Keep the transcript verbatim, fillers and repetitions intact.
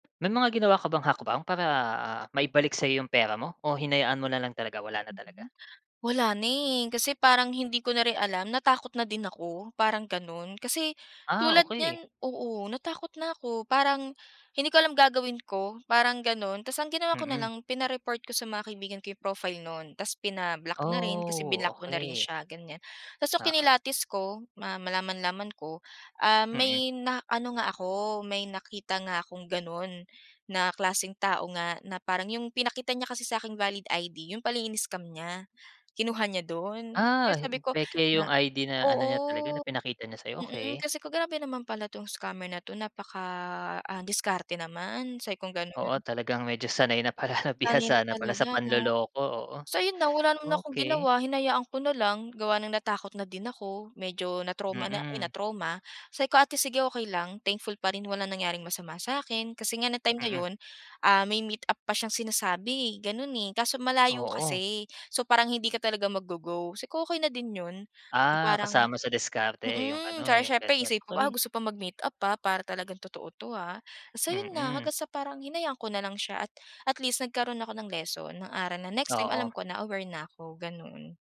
May mga ginawa ka bang hakbang para maibalik sa'yo yung pera mo, o hinayaan mo nalang talaga, wala na talaga? Mhm. Wala na, eh, kasi parang hindi ko na rin alam natakot na din ako parang ganun kasi Ah, tulad okey. niyan oo natakot na 'ko parang hindi ko alam gagawin ko parang ganon. Tas ang ginawa ko Mm. nalang pina-report ko sa mga kaibigan ko 'yung profile nu'n, tas pina-block na rin, kasi blinock Oh, ko na rin okey. siya ganiyan. Tas nung Oo. kinilatis ko, ma malaman-laman ko, ah, Mm. may na ano nga ako may nakita nga akong ganon na klaseng tao nga na parang 'yung pinakita niya kasi sa'king valid I-D 'yun pala in-scam niya, kinuha niya dun. Kaya Ah, sabi ko peke na 'yung I-D na ano niya talaga oo. na pinakita niya sa'yo, Mm, okey. kasi ko "Grabe naman pala 'tong scammer na 'to napaka, ah, diskarte naman," sabi kong ganun. Oo, talagang medyo sanay na pala na, Sanay na bihasa na pala sa talaga 'no? panloloko, oo. So 'yun na wala naman akong Okey. ginawa hinayaan ko na lang gawa ng natakot na din ako, medyo na-trauma na, eh, Mm. na-trauma, sabi ko, "Ate sige okey lang thankful pa rin wala nangyaring masama sa akin." Kasi nga ng time na Mm. 'yun, ah, may meetup pa siyang sinasabi, eh, ganun, eh, kaso malayo Oo. kasi, so parang hindi ka talaga mag-go go, sabi ko, "Okey na din 'yun eh Ah, parang" kasama sa diskarte 'yung mm. ano, Tsaka 'yung siyempre ganun, isipin mo, "Ah, okey. gusto pa mag-meet-up, ah, para talagang totoo 'to, ah." Basta 'yun na hanggang Mm. sa parang hinayaan ko na lang siya at, at least nagkaroon ako ng lesson, ng aral na next time Oo. alam ko na aware na ko, ganun.